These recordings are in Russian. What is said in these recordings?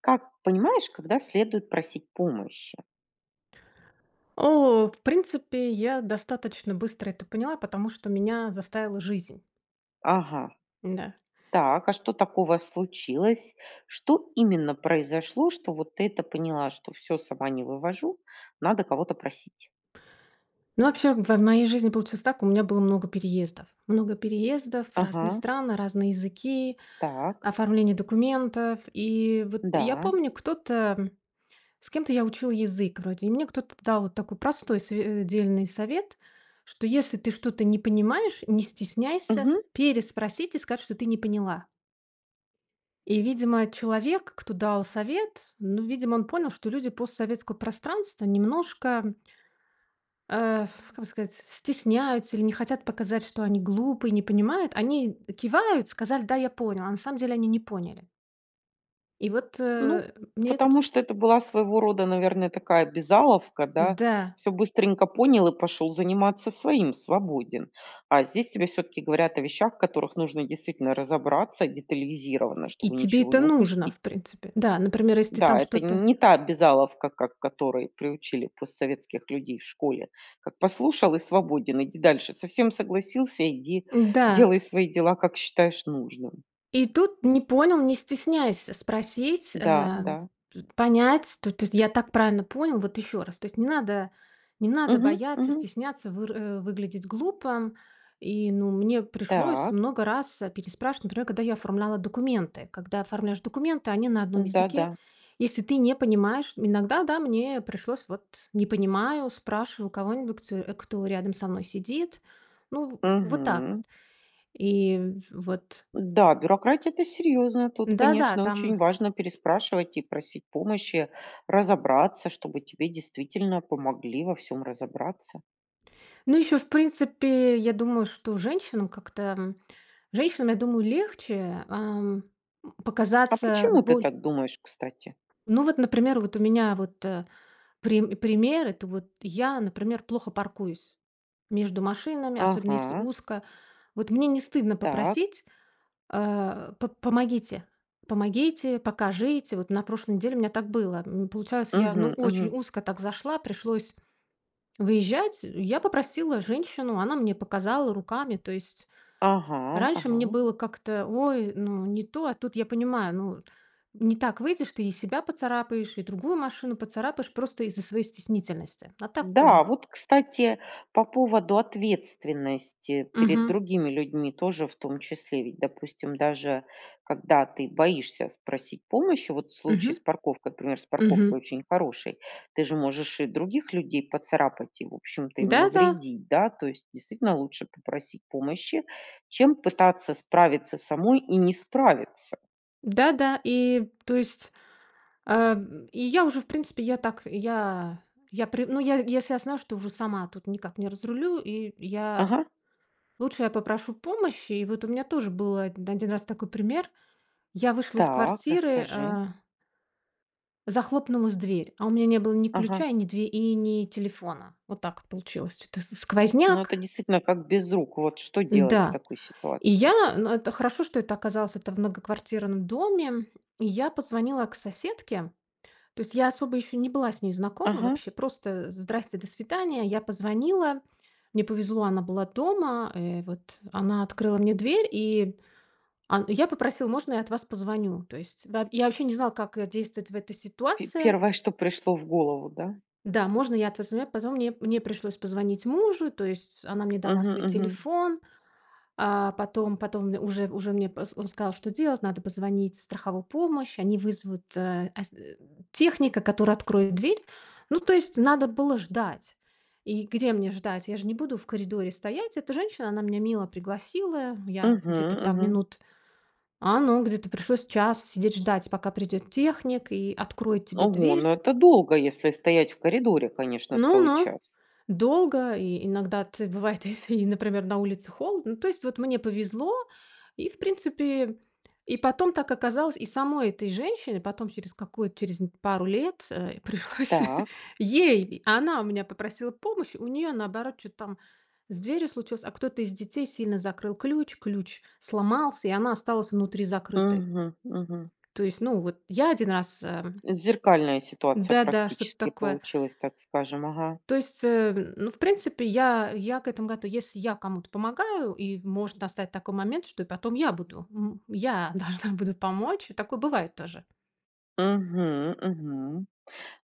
Как понимаешь, когда следует просить помощи? О, в принципе, я достаточно быстро это поняла, потому что меня заставила жизнь. Ага. Н-да. Так, а что такого случилось? Что именно произошло, что, вот, ты это поняла, что всё, сама не вывожу, надо кого-то просить? Ну вообще в в моей жизни получилось так: у меня было много переездов. Много переездов, разные Ага. страны, разные языки, Так. оформление документов. И вот, я Да. помню кто-то С кем-то я учила язык, вроде, и мне кто-то дал вот такой простой св дельный совет, что если ты что-то не понимаешь, не стесняйся с Мгм. переспросить и сказать, что ты не поняла и, видимо, человек, кто дал совет, ну видимо он понял, что люди постсоветского пространства немножко а, ф как бы сказать, стесняются, или не хотят показать, что они глупые, не понимают. Они кивают, сказали: "Да, я понял", а на самом деле они не поняли. И, вот, Ну э, мне это ч потому что это была своего рода, наверно, такая обязаловка, да? Да. Всё быстренько понял, и пошёл заниматься своим, свободен. А здесь тебе всё-таки говорят о вещах, в которых нужно действительно разобраться детализировано, И чтобы тебе ничего это не нужно в упустить. принципе. Да, например если ты там Да, это что-то. не та обязаловка, как к которой приучили постсоветских людей в школе: как послушал и свободен, иди дальше. Со всем согласился, иди Н-да. делай свои дела, как считаешь нужным. И тут не понял- не стесняйся спросить, Да, ам, да. понять. То то есть я так правильно понял, вот еще раз, то есть не надо, не надо Мгм бояться, мгм. стесняться, выр выглядеть глупо. И, ну, мне пришлось Так. много раз переспрашивать, например, когда я оформляла документы. Когда оформляешь документы, они на одном М-да, языке. да. Если ты не понимаешь, иногда, да, мне пришлось: "Вот, не понимаю", спрашиваю у кого-нибудь, кто рядом со мной сидит. Ну в вот так, вот Мгм. и в-вот. Да, бюрократия это серьёзно. Тут Да, да, конечно очень там. важно переспрашивать и просить помощи разобраться, чтобы тебе действительно помогли во всём разобраться. Ну еще, в принципе, я думаю что женщинам как-то, ам. Женщинам, я думаю, легче, ам, м, А показаться почему ты боль так думаешь, кстати? Ну, вот, например, вот, у меня, вот, э, прим пример это, вот, я, например, плохо паркуюсь между машинами, особенно если Ага. узко. Вот мне не стыдно Так. попросить, а: "П-помогите, помогите, покажите". Вот на прошлой неделе у меня так было. М, получается, я ну Мгм, очень мгм. узко так зашла, пришлось выезжать. Я попросила женщину, она мне показала руками. То есть Ага, раньше мне ага. было как-то: "Ой, ну не то". А тут я понимаю, ну, не так выйдешь, ты и себя поцарапаешь, и другую машину поцарапаешь, просто из-за своей стеснительности. А так, э. Да, вот кстати по поводу ответственности перед Мгм. другими людьми тоже, в том числе. Ведь допустим даже когда ты боишься спросить помощи, вот в случае с Мгм. парковкой, например, с парковкой Мгм. очень хороший, ты же можешь и других людей поцарапать, и в общем-то им Да, да. навредить, да. То есть действительно, лучше попросить помощи, чем пытаться справиться самой и не справиться. Да-да. И то есть, а, и я уже, в принципе, я так, я я при ну, я если я знаю, что уже сама тут никак не разрулю, и я Ага. лучше я попрошу помощи, и вот у меня тоже был 1 раз такой пример. Я вышла из Так, квартиры, расскажи. а захлопнулась дверь. А у меня не было ни Ага. ключа, и ни две и ни телефона. Вот так получилось. Чё-то с Ну, это сквозняк действительно как без рук, вот что делать в Да. такой И я ситуации? н это хорошо, что это оказалось это в многоквартирном доме, и я позвонила к соседке. То есть я особо еще не была с ней знакома Ага. вообще, просто: "Здрасте", "До свидания". Я позвонила. Мне повезло, она была дома. Э, вот она открыла мне дверь, и он я попросил: "Можно я от вас позвоню?" То есть, да Я вообще не знал, как действовать в этой Пе ситуации. 1, что пришло в голову, да? Да, можно я от вас звоню позвоню. Мне мне пришлось позвонить мужу. То есть она мне дала Мгм, свой мгм. телефон, а, потом потом уже уже мне поз он сказал, что делать. Надо позвонить в страховую помощь, они вызовут э, эс техника, который откроет дверь. Ну, то есть надо было ждать. И где мне ждать? Я же не буду в коридоре стоять. Эта женщина, она меня мило пригласила. Я Мгм, где-то там мгм. минут а, ну, где-то пришлось час сидеть ждать, пока придет техник и откроет тебе Ого, дверь. ну это долго, если стоять в коридоре, конечно, Но целый но час. долго и иногда ты, бывает, если, например, на улице холодно Ну, то есть, вот мне повезло, и, в принципе И потом так оказалось, и самой этой женщине потом через какую-то через пару лет, э, пришлось Так. ей Она у меня попросила помощь, у нее, наоборот, чё-то там с дверью случилось, а кто-то из детей сильно закрыл ключ, ключ сломался, и она осталась внутри закрытой. Мгм, мгм. То есть, ну вот я 1 раз, эм Зеркальная ситуация Да-да, что-то практически такое. получилась, так скажем, ага. То есть, э, ну, в принципе, я я к этому готова. Если я кому-то помогаю, и может достать такой момент, что потом я буду, м, я должна буду помочь. И такое бывает тоже. Мгм, мгм.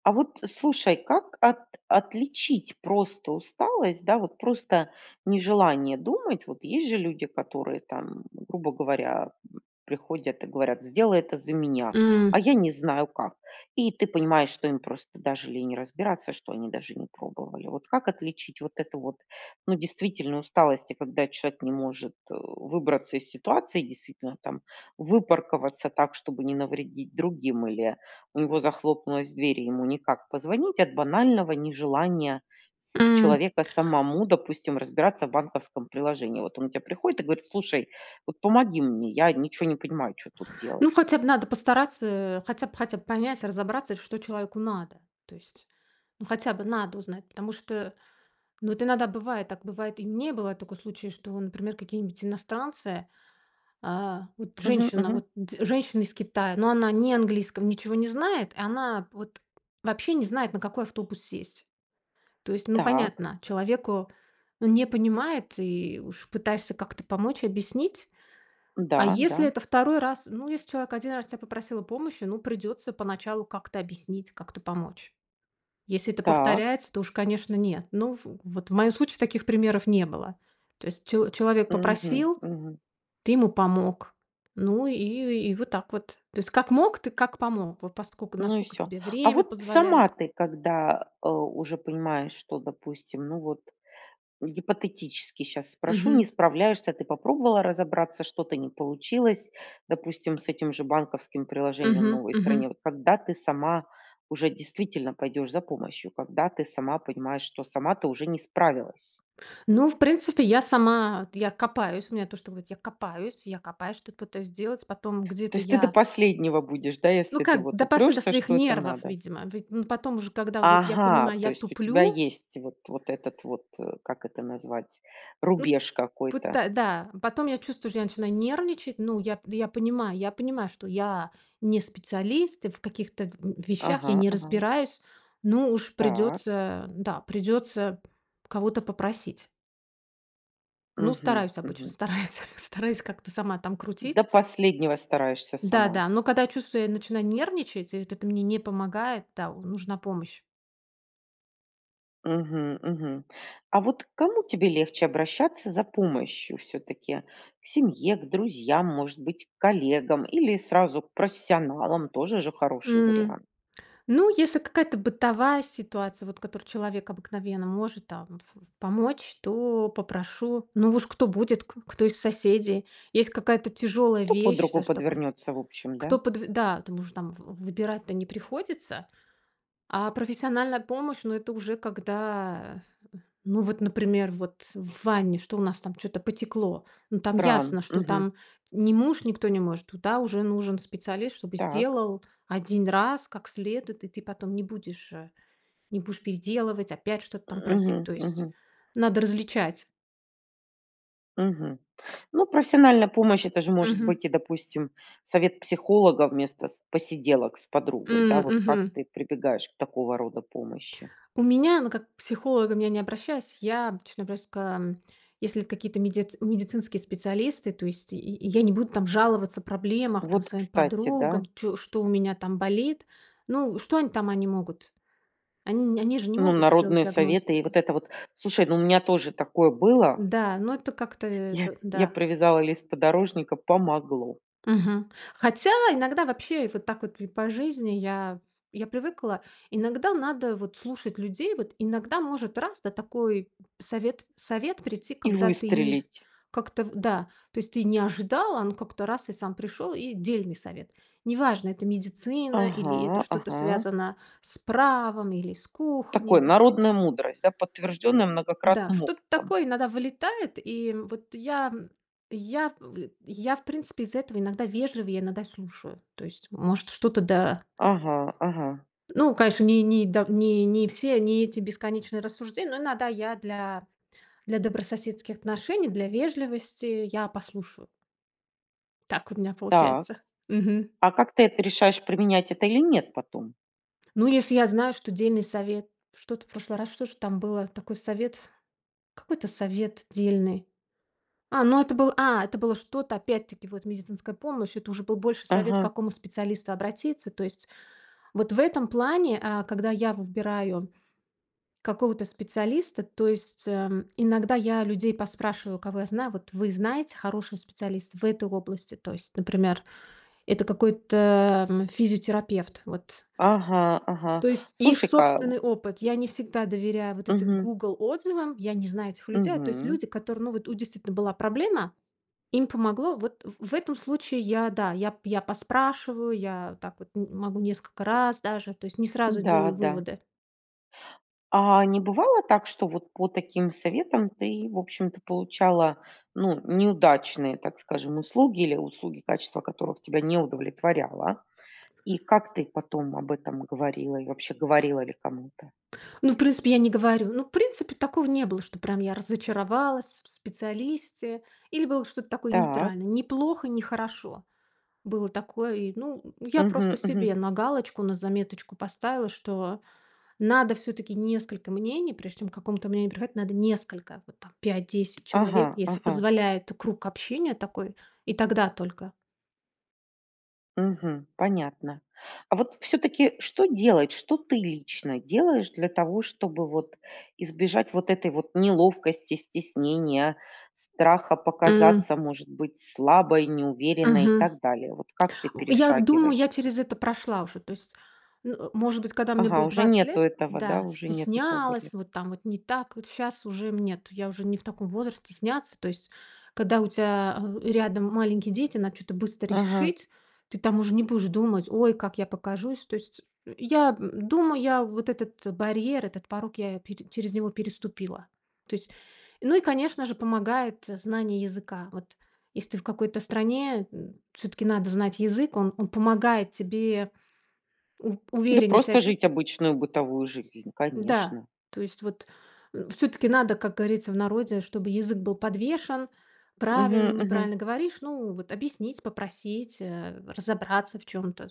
А вот слушай, как от отличить просто усталость, да вот, просто нежелание думать? Вот есть же люди, которые там, грубо говоря, приходят и говорят: "Сделай это за меня, а М. я не знаю как". И ты понимаешь, что им просто даже лень разбираться, что они даже не пробовали. Вот как отличить вот эту вот, ну, действительно усталость, и когда человек не может, э, выбраться из ситуации, действительно там выпарковаться так, чтобы не навредить другим, или у него захлопнулась дверь, и ему никак позвонить, от банального нежелания с М. человека самому, допустим, разбираться в банковском приложении? Вот он к те приходит и говорит: "Слушай, вот помоги мне, я ничё не понимаю, чё тут Ну, делать". хотя б надо постараться, э, хотя б хотя б понять, разобраться, что человеку надо. То есть, ну, хотя бы надо узнать, потому что, ну, вот иногда бывает так, бывает, и мне бывает такой случай, что, например, какие-нибудь иностранцы, а, вот Мгм, женщина, мгм. вот д женщина из Китая. Ну, она не английском ничего не знает. И она вот вообще не знает, на какой автобус сесть. То есть, ну, Так. понятно, человеку, ну, не понимает, и уж пытаешься как-то помочь, объяснить. А Да, если да. это 2 раз Ну, если человек 1 раз тя попросил о помощи, ну, придется поначалу как-то объяснить, как-то помочь. Если это Так. повторяется, то уж, конечно, нет. Ну, в вот в моем случае таких примеров не было. То есть чел человек Мгм, попросил, мгм. ты ему помог. Ну, и и вот так вот. То есть как мог, ты как помог. Вот поскоку Ну и насколько всё. тебе А время вот сама позволяет. ты когда, э, уже понимаешь, что, допустим ну вот, гипотетически щас спрошу, не Мгм. справляешься. Ты попробовала разобраться, что-то не получилось, допустим, с этим же банковским приложением в Мгм, новой мгм. стране. Вот когда ты сама уже действительно пойдешь за помощью, когда ты сама понимаешь, что сама ты уже не справилась? Ну, в принципе, я сама я копаюсь, у меня то, что говорить я копаюсь я копаюсь, что-то пытаюсь сделать. Потом То где-то есть ты до я последнего будешь, да? Ну Если ты как, вот допас до упрешься, своих что это нервов, надо. видимо. Ведь, ну, потом уже, когда вот я Ага, понимаю, то я есть у тебя туплю есть вот вот этот вот, как это назвать, Вот рубеж какой-то? пыта Да. Потом я чувствую, что начинаю нервничать. Ну, я пд я понимаю я понимаю, что я не специалист и в каких-то в вещах я Ага, не ага. разбираюсь, но уж Так. придется Да, придется кого-то попросить. Ну, Мгм, стараюсь, обычно мгм. стараюсь, стараюсь как-то сама там До крутить. последнего стараешься Да, сама! да, но когда я чувствую, я начинаю нервничать, и вот это мне не помогает. Да, у нужна помощь. Мгм мгм. А вот к кому тебе легче обращаться за помощью всё-таки? К семье, к друзьям, может быть, к коллегам или сразу к профессионалам? Тоже же хороший М. вариант. Ну, если какая-то бытовая ситуация, вот в которой человек обыкновенно может там ф ф помочь, то попрошу, ну уж кто будет, к кто из соседей. Есть какая-то тяжелая Кто под вещь, руку саж такой. подвернется, в общем, да? Кто подв Да, там уже, там в выбирать-то не приходится. А профессиональная помощь- ну, это уже когда, ну вот, например, вот в ванне, что у нас там, чё-то потекло. Ну, там Кран. ясно, что Мгм. там не муж, никто не может, туда уже нужен специалист, чтобы Так. сделал 1 раз как следует, и ты потом не будешь, э не будешь переделывать, опять что-то там просить. Мгм, То мгм. есть надо различать. Мгм. Ну, профессиональная помощь- это же может Мгм. быть и, допустим, совет психолога вместо с посиделок с подругой, да М, вот. Как мгм. ты прибегаешь к такого рода помощи? У меня, ну как, к психологам я не обращаюсь. Я обычно просто, если это какие-то меди медицинские специалисты, то есть я я не буду там жаловаться о проблемах там Вот, своим кстати, да? подругам, чё что у меня там болит, ну, что они там они могут? Они не они же не Ну, могут сделать народные советы и диагностику. вот это вот: "Слушай, ну, у меня тоже такое было" Да, но это как-то ...я это я да. привязала лист подорожника- помогло. Мгм. Хотя иногда вообще и вот так вот, и по жизни я я привыкла. Иногда надо, вот, слушать людей, вот, иногда может, раз, да, такой совет совет прийти, И когда ты не жд выстрелить. как-то в да. То есть ты не ожидала, а он как-то раз- и сам пришел, и дельный совет. Неважно, это медицина, или это Ага. что-то Ага. связано с правом, или с кухней. Такой Воспи народная мудрость, да, подтвержденная Да, многократным что-то опытом. такое иногда вылетает. И, м, вот я я в я в принципе из-за этого иногда вежливее, иногда слушаю. То есть, может, что-то, да Ага, ага. Ну, конечно, ни ни да, не не все, не эти бесконечные рассуждения, но иногда я для для добрососедских отношений, для вежливости я послушаю. Так у меня Так, получается. Мгм. а как ты это решаешь, применять это или нет потом? Ну, если я знаю, что дельный совет Что-то в прошлый раз, что ж там было такой совет, какой-то совет дельный. А, ну это был а, это было что-то опять-таки, вот медицинская помощь. Это уже был больше совет, к Ага. какому специалисту обратиться, то есть. Вот в этом плане, э, когда я выбираю какого-то специалиста, то есть, эм, иногда я людей поспрашиваю, кого я знаю: "Вот вы знаете, хороший специалист в этой области?" То есть, например, это какой-то, м, физиотерапевт. Вот. Ага, ага. То есть их Слушай-ка собственный опыт. Я не всегда доверяю вот этим Мгм. "Гугл" отзывам, я не знаю этих людей. То есть Мгм. люди, которые, ну, вот, у, действительно, была проблема, им помогло. Вот, в в этом случае я, да, я я п поспрашиваю, я так, вот, н могу несколько раз даже, то есть не сразу делаю Да-да. выводы. А не бывало так, что вот по таким советам ты, в общем-то, получала, ну, неудачные, так скажем, услуги, или услуги, качество которых тебя не удовлетворяло? И как ты потом об этом говорила, и вообще говорила ли кому-то? Ну, в принципе, я не говорю. Ну, в принципе, такого не было, что прям я разочаровалась с в специалисте. Или было что-то такое Так. нейтральное: не плохо, не хорошо. Было такое. И, ну, я просто Мгм, мгм. себе на галочку, на заметочку поставила, что надо всё-таки несколько мнений. Прежде чем к каком-то мнению приходить, надо несколько, вот так 5-10 человек, Ага если ага. позволяет круг общения такой. И тогда только. Мгм. Понятно. А вот всё-таки что делать? Что ты лично делаешь для того, чтобы вот избежать вот этой вот неловкости, стеснения, страха М. показаться, может быть, слабой, неуверенной, и Мгм. так далее? Вот как ты Я думаю, я перешагиваешь это? через это прошла уже, то есть может быть, когда мне Ага, было уже 20 нету лет этого, да, да, уже нет этого стеснялась, барьера. вот там вот не так. Вот щас уже мне, нет, я уже не в таком возрасте стесняться, то есть. Когда у тя, а, рядом маленькие дети, надо чё-то быстро Ага. решить, ты там уже не будешь думать: "Ой, как я покажусь!" То есть я думаю, я вот этот барьер, этот порог я пере через него переступила, то есть. Ну и конечно же помогает знание языка, вот. Если ты в какой-то стране, м, всё-таки надо знать язык, он он помогает тебе у Да, увереннее ся просто жить чувствовать. обычную бытовую жизнь, Да, конечно. то есть вот, э, всё-таки надо, как говорится в народе, чтобы язык был подвешен. Правильно, Мгм, мгм. неправильно говоришь, ну, вот объяснить, попросить, э, разобраться в чём-то.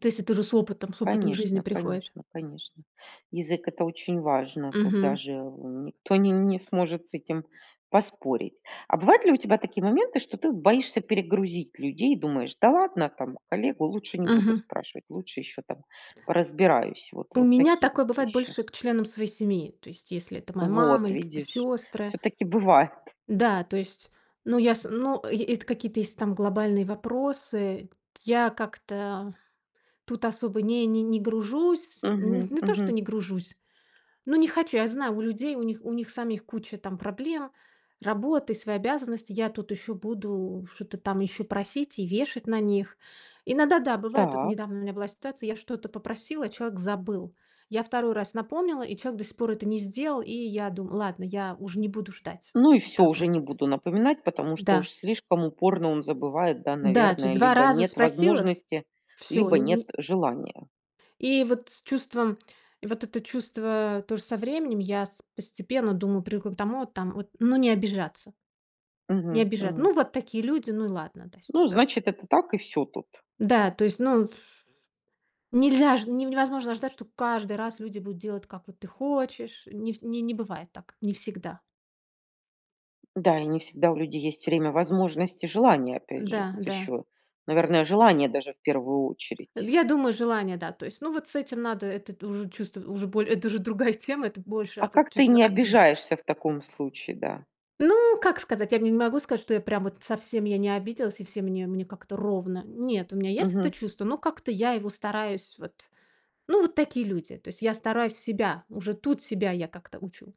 То есть это уже с опытом с опытом жизни Конечно приходит. конечно конечно. Язык- это очень важно, тут Мгм. даже, э, никто н не сможет с этим поспорить. А бывают ли у тебя такие моменты, что ты боишься перегрузить людей? Думаешь: "Да ладно, там коллегу лучше не будут Мгм. спрашивать, лучше еще там поразбираюсь"? Вот У вот меня такие вот такое бывает вещи. больше к членам своей семьи. То есть если это моя мама Вот, или какие-то видишь! сёстры. Всё-таки бывает! Да, то есть, ну, я с ну, эт это какие-то если там глобальные вопросы. Я как-то тут особо не не не гружусь. Н Мгм, не то что мгм. не гружусь, но не хочу. Я знаю, у людей, у них у них самих куча там проблем, работа и свои обязанности. Я тут еще буду что-то там еще просить и вешать на них. Иногда да, бывает. Вот Так. недавно у меня была ситуация, я что-то попросила, а человек забыл. Я 2 раз напомнила, и человек до сих пор это не сделал, и я думаю: "Ладно, я уж не буду ждать". Ну и Вот всё, так уже вот. не буду напоминать, потому что уж Да. слишком упорно он забывает, да, Да, дж наверное. 2 Либо раза нет спросила, возможности, всё либо нет ни желания. И вот с чувством вот это чувство тоже со временем я с постепенно думаю привыкла к тому, там вот, ну, не обижаться, не Мгм, обижа мгм. Ну, вот такие люди, ну и ладно, да, то есть, Ну, типа. значит, это так, и всё тут. Да, то есть, ну, ф нельзя ж не невозможно ждать, что каждый раз люди будут делать, как вот ты хочешь, не ф не не бывает так, не всегда. Да, и не всегда у людей есть время, возможность и желание, опять же. Да, Тут да. еще, наверное, желание даже в первую очередь. Я думаю, желание, да, то есть. Ну, вот с этим надо это уже чувств уже боле это уже другая тема, это больше А, как ты чувство не обиды. обижаешься в таком случае, да? Ну, как сказать? Я не могу сказать, что я прям вот совсем я не обиделась, и все мне мне как-то ровно. Нет, у меня есть это Мгм. чувство, но как-то я его стараюсь вот. Ну, вот такие люди, то есть я стараюсь себя, уже тут себя я как-то учу,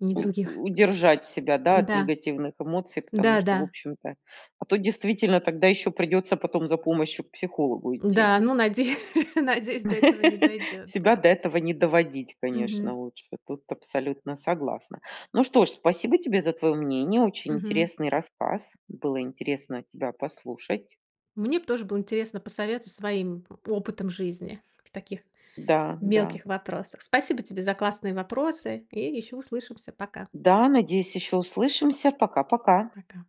не У других. удержать себя, да, от Да, негативных эмоций, потому что, да-да. в общем-то, а то действительно тогда еще придется потом за помощью к психологу идти? Да. Ну, надеюсь надеюсь, до этого не дойдёт. Себя Да. до этого не доводить, конечно, Мгм. лучше, тут абсолютно согласна. Ну что ж, спасибо тебе за твое мнение. Очень Мгм. интересный рассказ. Было интересно тебя послушать. Мне б тоже было интересно посоветовать своим опытом жизни в таких Да, да. мелких вопросах. Спасибо тебе за классные вопросы! И ещё услышимся. Пока. Да, надеюсь, еще услышимся! Пока-пока. Пока.